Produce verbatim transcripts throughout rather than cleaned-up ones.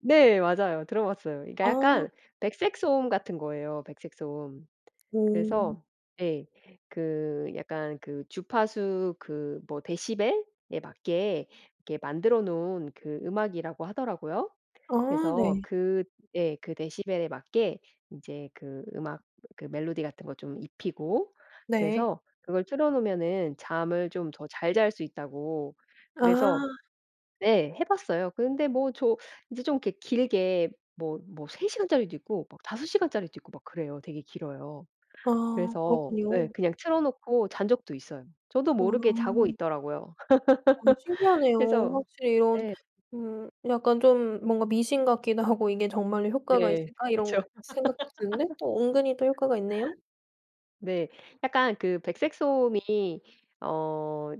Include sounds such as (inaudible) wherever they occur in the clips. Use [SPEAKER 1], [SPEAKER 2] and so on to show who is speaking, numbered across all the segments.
[SPEAKER 1] 네. 맞아요. 들어봤어요. 그니까
[SPEAKER 2] 아.
[SPEAKER 1] 약간 백색 소음 같은 거예요, 백색 소음.
[SPEAKER 2] 오.
[SPEAKER 1] 그래서 예. 그 약간 그 주파수 그 뭐 데시벨에 맞게 이렇게 만들어 놓은 그 음악이라고 하더라고요.
[SPEAKER 2] 아
[SPEAKER 1] 그래서
[SPEAKER 2] 네.
[SPEAKER 1] 그 예. 그 데시벨에 맞게 이제 그 음악, 그 멜로디 같은 거 좀 입히고
[SPEAKER 2] 네.
[SPEAKER 1] 그래서 그걸 틀어 놓으면은 잠을 좀 더 잘 잘 수 있다고 그래서
[SPEAKER 2] 아.
[SPEAKER 1] 네. 해 봤어요. 근데 뭐 저 이제 좀 이렇게 길게 뭐 뭐 세 시간짜리도 있고 막 다섯 시간짜리도 있고 막 그래요. 되게 길어요.
[SPEAKER 2] 아
[SPEAKER 1] 그래서 네
[SPEAKER 2] 그렇군요.
[SPEAKER 1] 그냥 틀어 놓고 잔 적도 있어요. 저도 모르게 자고
[SPEAKER 2] 아.
[SPEAKER 1] 있더라고요.
[SPEAKER 2] 아.
[SPEAKER 1] (laughs)
[SPEAKER 2] 신기하네요.
[SPEAKER 1] 그래서
[SPEAKER 2] 확실히 이런
[SPEAKER 1] 네.
[SPEAKER 2] 음 약간 좀 뭔가 미신 같기도 하고 '이게 정말로 효과가
[SPEAKER 1] 네.
[SPEAKER 2] 있을까?' 이런
[SPEAKER 1] 그렇죠.
[SPEAKER 2] 생각도 드는데
[SPEAKER 1] (laughs)
[SPEAKER 2] 또 은근히 또 효과가 있네요.
[SPEAKER 1] 네. 약간 그 백색 소음이 어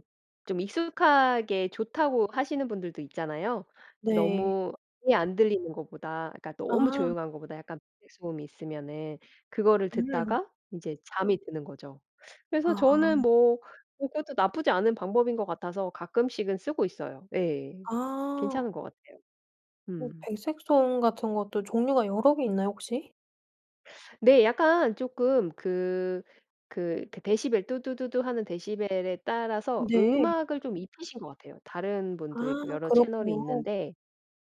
[SPEAKER 1] 좀 익숙하게 좋다고 하시는 분들도 있잖아요. 그
[SPEAKER 2] 네.
[SPEAKER 1] 너무 아예 안 들리는 것보다 그러니까 너무
[SPEAKER 2] 아.
[SPEAKER 1] 조용한 것보다 약간 백색 소음이 있으면은 그거를
[SPEAKER 2] 음.
[SPEAKER 1] 듣다가 이제 잠이 드는 거죠. 그래서
[SPEAKER 2] 아.
[SPEAKER 1] 저는 뭐 그것도 나쁘지 않은 방법인 것 같아서 가끔씩은 쓰고 있어요. 예.
[SPEAKER 2] 아.
[SPEAKER 1] 괜찮은 거 같아요.
[SPEAKER 2] 뭐
[SPEAKER 1] 음.
[SPEAKER 2] 백색소음 같은 것도 종류가 여러 개 있나요, 혹시?
[SPEAKER 1] 네. 약간 쪼끔 그 그 데 데시벨 "뚜두두두."하는 데시벨에 따라서
[SPEAKER 2] 네.
[SPEAKER 1] 음악을 좀 입히신 것 같아요, 다른
[SPEAKER 2] 아
[SPEAKER 1] 분도 있고 여러 채널이
[SPEAKER 2] 그렇군요.
[SPEAKER 1] 있는데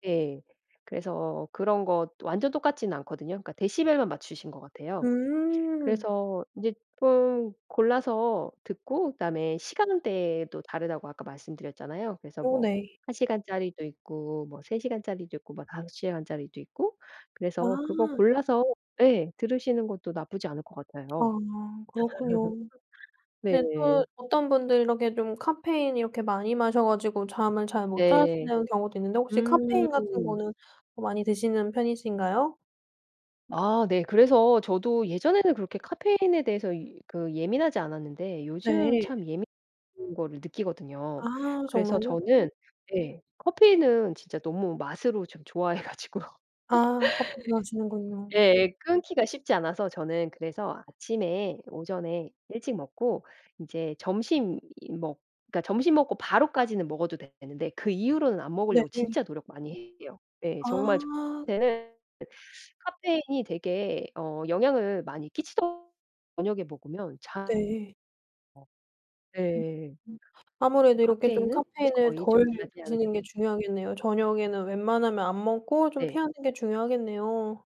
[SPEAKER 1] 예. 그래서 그런 거 완전 똑같진 않거든요. 그러니까 데시벨만 맞추신 것 같아요.
[SPEAKER 2] 음.
[SPEAKER 1] 그래서 이제 쪼끔 골라서 듣고 그다음에 시간대도 다르다고 아까 말씀드렸잖아요. 그래서
[SPEAKER 2] 어
[SPEAKER 1] 뭐
[SPEAKER 2] 네.
[SPEAKER 1] 한 시간짜리도 있고, 뭐 세 시간짜리도 있고, 뭐 다섯 시간 짜리도 있고 그래서 그거
[SPEAKER 2] 아.
[SPEAKER 1] 골라서 예 들으시는 것도 나쁘지 않을 것
[SPEAKER 2] 아
[SPEAKER 1] 같아요.
[SPEAKER 2] 그렇군요.
[SPEAKER 1] (laughs)
[SPEAKER 2] 네.
[SPEAKER 1] 네.
[SPEAKER 2] 또 어떤 분들 이렇게 좀 카페인 이렇게 많이 마셔 가지고 잠을 잘 못
[SPEAKER 1] 네.
[SPEAKER 2] 자시는 경우도 있는데 혹시
[SPEAKER 1] 음.
[SPEAKER 2] 카페인 같은 거는 많이 드시는 편이신가요?
[SPEAKER 1] 아 네. 그래서 저도 예전에는 그렇게 카페인에 대해서 그 예민하지 않았는데 요즘
[SPEAKER 2] 네.
[SPEAKER 1] 참 예민한 거를 느끼거든요.
[SPEAKER 2] 아
[SPEAKER 1] 그래서
[SPEAKER 2] 정말요?
[SPEAKER 1] 저는 네. 커피는 진짜 너무 맛으로 좀 좋아해 가지고요. (laughs)
[SPEAKER 2] 아 커피 좋아하시는군요.
[SPEAKER 1] 예예. 끊기가 쉽지 않아서 저는 그래서 아침에 오전에 일찍 먹고 이제 점심이 먹 점심 먹고 바로까지는 먹어도 되는데 그 이후로는 안 먹으려고
[SPEAKER 2] 네.
[SPEAKER 1] 진짜 노력 많이 해요. 예. 정말
[SPEAKER 2] 아.
[SPEAKER 1] 저한테는 카페인이 되게 어 영향을 많이 끼치거든요, 저녁에 먹으면 자
[SPEAKER 2] 네.
[SPEAKER 1] 어 네. 그
[SPEAKER 2] 아무래도 이렇게 좀
[SPEAKER 1] 카페인은
[SPEAKER 2] 카페인을
[SPEAKER 1] 거의 좀
[SPEAKER 2] 덜
[SPEAKER 1] 자제하는
[SPEAKER 2] 드시는 게
[SPEAKER 1] 편입니다.
[SPEAKER 2] 중요하겠네요. 저녁에는 웬만하면 안 먹고 좀
[SPEAKER 1] 네.
[SPEAKER 2] 피하는 게 중요하겠네요.